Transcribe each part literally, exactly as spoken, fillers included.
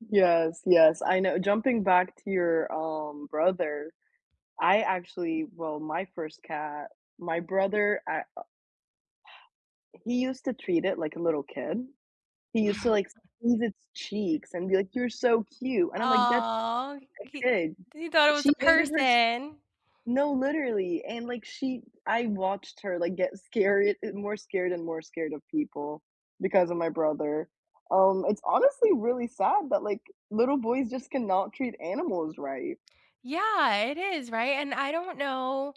Yes, yes, I know jumping back to your, um, brother. I, actually well, my first cat my brother I u He used to treat it like a little kid. He used to, like, squeeze its cheeks and be like, "You're so cute," and I'm like, "That Aw, a he kid." he thought it was She a hated her s person. No, literally and, like, she I watched her, like, get scared and more scared and more scared of people because of my brother. Um, it's honestly really sad that, like, little boys just cannot treat animals right. Yeah, it is, right? And I don't know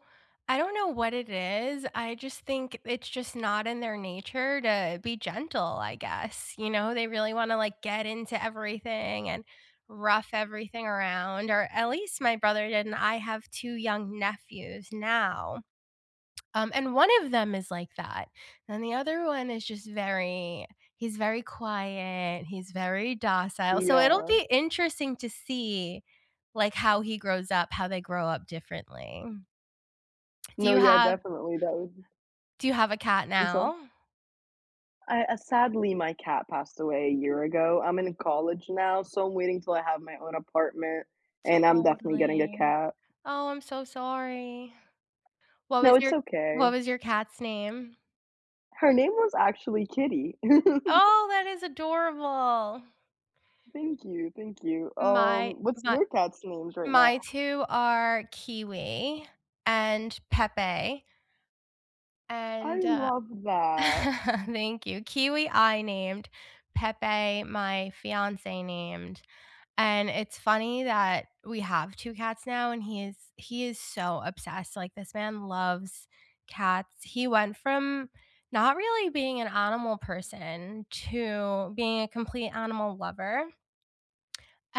I don't know what it is, I just think it's just not in their nature to be gentle, I guess, you know? They really wanna, like, get into everything and rough everything around, or, at least my brother did, and I have two young nephews now. Um, and one of them is like that, and the other one is just very he's very quiet, he's very docile, so it'll Yeah. be interesting to see, like, how he grows up, how they grow up differently. Do No, you yeah, have definitely. That would do you have a cat I'm sorry? now? I uh, sadly, my cat passed away a year ago, I'm in college now, so I'm waiting till I have my own apartment, and I'm definitely getting a Totally. cat. Oh, I'm so sorry. What No, was it's your okay. what was your cat's name? Her name was actually Kitty. Oh, that is adorable. Thank you, thank you. My Um, what's my your cats' names right my now? two are Kiwi and Pepe I and, uh love that. Thank you. Kiwi, I named. Pepe, my fiancé named. And it's funny that we have two cats now and he is he is so obsessed, like, this man loves cats. He went from not really being an animal person to being a complete animal lover.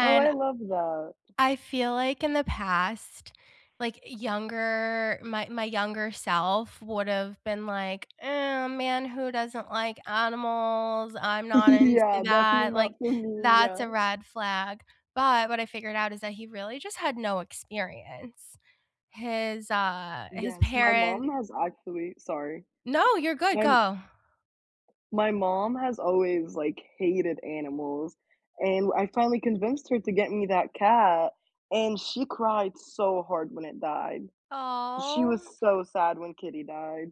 Oh, I I love that. I feel like in the past, like, younger my my younger self would've been like, "Oh, man, who doesn't like animals? I'm not into Yeah, definitely that, like, not for me, that's a yeah. red flag." But, what I figured out is that he really just had no experience. His, uh his Yes, my parent mom has actually Sorry. No, you're good, My m go. my mom has always, like, hated animals and I finally convinced her to get me that cat, and she cried so hard when it died. Aw. She was so sad when Kitty died.